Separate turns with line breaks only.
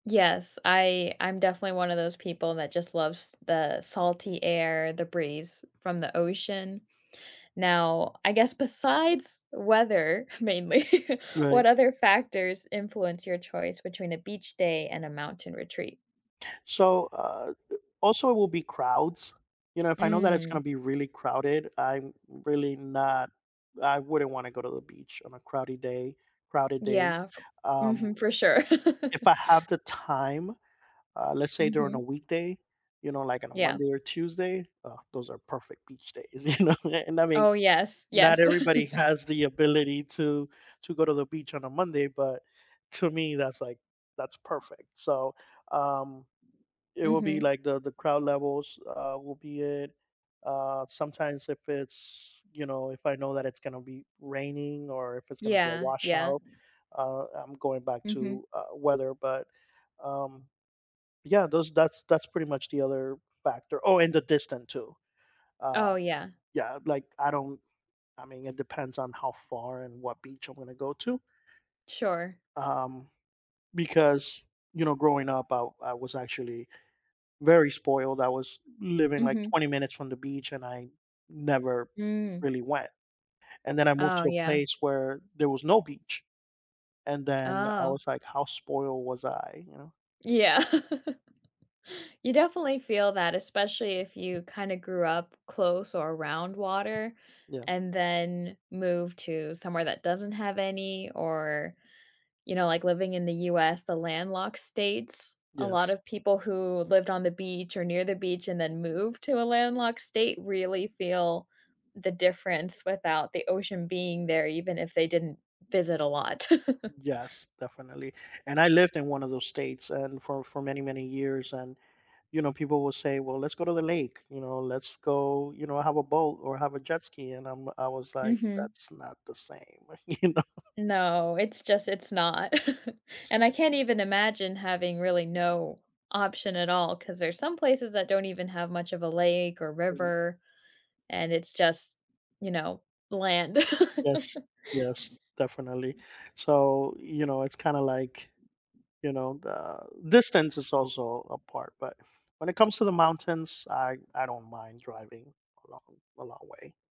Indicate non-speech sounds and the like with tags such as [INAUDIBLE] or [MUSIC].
Yes, I I'm definitely one of those people that just loves the salty air, the breeze from the ocean. Now I guess besides weather, mainly, [LAUGHS] what
Right.
other factors influence your choice between a beach day and a mountain retreat?
So, uh, a also it will be crowds, you know, if I know that it's gonna
Mm.
be really crowded, I'm really not I wouldn't wanna go to the beach on a crowdy day crowded day,
Yeah,
um.
mhm, for sure.
If
[LAUGHS]
I have the time, uh, let's say during a
Mhm.
weekday, you know, like on a
Yeah.
Monday or Tuesday, uh, those are perfect beach days, [LAUGHS] you know, and I mean,
Oh yes,
not
yes.
everybody
[LAUGHS]
has the ability to to go to the beach on a Monday, but to me, that's, like that's perfect. So, um, it will be,
Mhm.
like, the the crowd levels, uh, will be it. Uh, sometimes if it's, you know, if I know that it's gonna be raining or if it's gonna be a
Yeah, yeah.
washout, uh, I'm going back
Mhm.
to, uh, weather, but, um Yeah, those that's that's pretty much the other factor. Oh, and the distance too. Uh,
Oh yeah.
yeah, like, I don't I mean, it depends on how far and what beach I'm gonna go to.
Sure.
Um, because, you know, growing up, I I was actually very spoiled. I was living like
Mhm.
20 minutes from the beach, and I never
Mm.
really went, and then I moved
Oh
to a
yeah.
place where there was no beach, and then I
Oh.
was, like, "How spoiled was I," you know.
Yeah. [LAUGHS] You definitely feel that, especially if you kinda grew up close or around water,
Yeah.
and then move to somewhere that doesn't have any, or, you know, like, living in the US, the landlocked states, a lot
Yes.
of people who lived on the beach or near the beach and then moved to a landlocked state really feel the difference without the ocean being there, even if they didn't visit a lot. [LAUGHS]
Yes, definitely, and I lived in one of those states and for for many many years, and, you know, people will say, "Well, let's go to the lake," you know, "Let's go," you know, "have a boat or have a jet ski," and I'm I was, like,
Mhm.
"That's not the same," you know.
No, it's just it's not. [LAUGHS] And I can't even imagine having really no option at all, 'cause there's some places that don't even have much of a lake or river, and it's just, you know, land. [LAUGHS]
Yes, yes, definitely. So, you know, it's kinda, like, you know, the distance is also a part, but when it comes to the mountains, I I don't mind driving a long a long way.